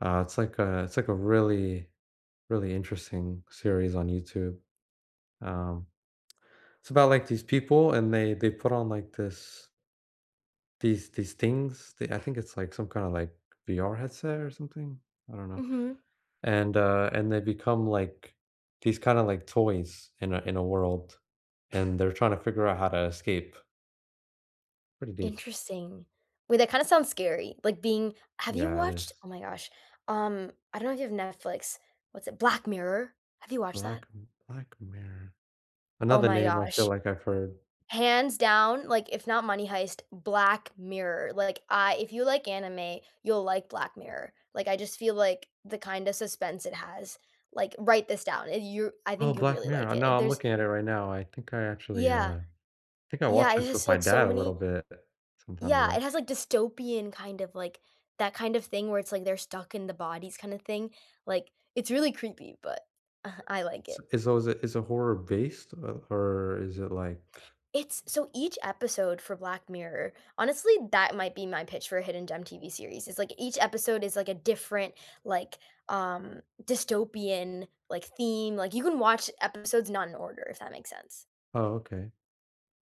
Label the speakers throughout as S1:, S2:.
S1: Uh, it's like a it's like a really, really interesting series on YouTube, um, it's about, like, these people, and they they put on, like, this these these things the I think it's, like, some kinda, like, VR headset or something? I don't know,
S2: Mhm.
S1: and, uh, and they become, like, these kinda, like, toys in a in a world, and they're trying to figure out how to escape. Pretty deep.
S2: Interesting. Wait, that kinda sounds scary, like, being have you
S1: Yeah, it
S2: watched
S1: is.
S2: oh my gosh, um, I don't know if you've Netflix. What's it Black Mirror! Have you watched that?
S1: Black Black Mirror.
S2: Oh
S1: Another
S2: my
S1: name I feel
S2: gosh.
S1: like I've heard.
S2: Hands down, like, if not Money Heist, Black Mirror, like, I if you like anime, you'll like Black Mirror, like, I just feel like the kinda suspense it has like, write this down, er, you I
S1: Oh,
S2: think you'd
S1: Black
S2: really like
S1: Mirror.
S2: it,
S1: No, I'm
S2: there's
S1: looking at it right now, I think I actually,
S2: Yeah.
S1: uh, think I
S2: Yeah,
S1: watched
S2: it
S1: this
S2: has,
S1: with my
S2: like, so
S1: dad a little
S2: many
S1: bit, sometime
S2: yeah,
S1: ago.
S2: it has, like, dystopian kind of, like that kind of thing where it's, like, they're stuck in the bodies kinda thing, like, it's really creepy, but I like
S1: S
S2: it.
S1: i so, is it is it horror based, o or is it, like
S2: It's so, each episode for Black Mirror honestly, that might be my pitch for a hidden gem TV series, it's like each episode is like a different, like, um, dystopian, like, theme, like, you can watch episodes not in order, if that makes sense.
S1: Oh, okay.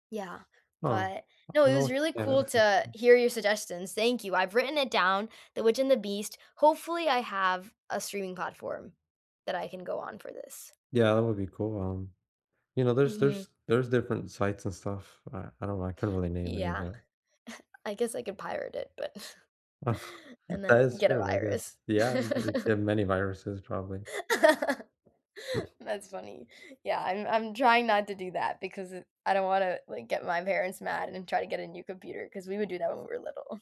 S2: Yeah,
S1: Oh,
S2: but no, it was
S1: [unintelligible]
S2: really
S1: yeah,
S2: cool
S1: that's
S2: to
S1: interesting.
S2: hear your suggestions. Thank you, I've written it down, The Witch and The Beast hopefully, I have a streaming platform that I can go on for this.
S1: Yeah, that would be cool, um, you know, there's
S2: Mhm.
S1: there's there's different sites and stuff, I I don't know, I couldn't really name any of
S2: Yeah,
S1: that.
S2: I guess I could pirate it, but and
S1: That
S2: then
S1: is
S2: get a
S1: true, I
S2: virus.
S1: guess. Yeah, you can get many viruses probably.
S2: That's funny. Yeah, I'm I'm trying not to do that because, eh, I don't wanna, like, get my parents mad and then try to get a new computer, 'cause we would do that when we were little.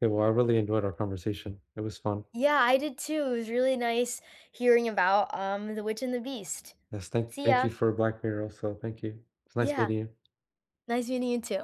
S1: Yeah, well, I really enjoyed our conversation, it was fun.
S2: Yeah, I did too, it was really nice hearing about, um, The Witch and The Beast.
S1: Yes, thank
S2: See
S1: thank
S2: ya!
S1: you for Black Mirror, also. Thank you. It's nice
S2: Yeah.
S1: meeting you.
S2: Nice meeting you too.